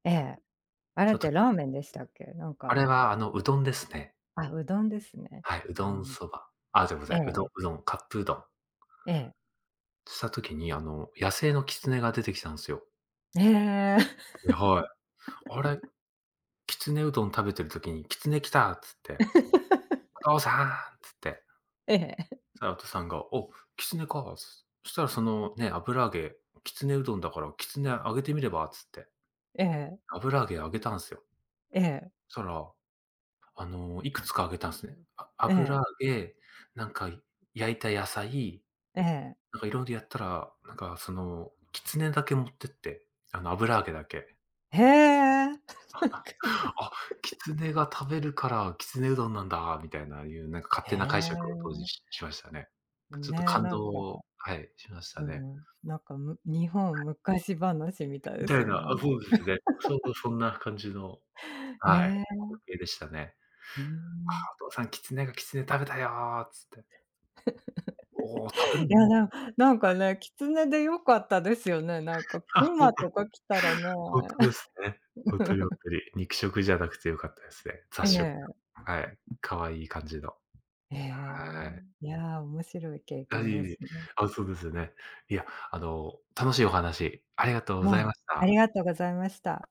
ええ、あれちょっってとラーメンでしたっけ？なんあかれは、あの、うどんですね。あ、うどんですね。はい、うあどんの、そば。あ、じゃ、ござええい、うえどん、え。うどん、カップうどん。ええ。した時に、あの野生のキツネが出てきたんすよ。へえ。え、はい。あれ、きつねうどん食べてる時に、キツネ来たっつって。お父さんって。ええ。そした ら、おとさんが、お、キツネか。そしたらそのね、油揚げ、きつねうどんだから、きつねあげてみればっつって。ええ。油揚げあげたんすよ。ええ。そしたら、あの、いくつかあげたんすね。え油え。揚げ、なんか焼いた野菜、ええ。なんかいろいろやったら、なんかその、きつねだけ持ってって、あの油揚げだけ。へえ。あっ、キツネが食べるから、きつねうどんなんだみたいなゆう、なん か勝へ手な解釈を当時え。ししましたね。ちょっとね、感なんか、動、はい、しましうたね。ん、なんか、む、日は本い。昔話みたいみですたいよな、ねあ、そうですね。そんな感じの、へはい、え。光景でしたね。うあん。あ、お父さん、キツネがきつね食べたよつって。おお、食べる いんだやなつって。な、なんかはい。ね、キツネでよかったですよね、なん かあ熊とかきたらね。ほんとですね。ほんとにほん とに。肉食じゃなくて良かったですね。え雑食。え。はい、可愛い感じの。へえ、はい。いや、面白い経あ、いえ験でいすえ、ね。あ、そうですよね。いや、あの、楽しいお話ありがとうござはいい、ましあた。りがとうございました。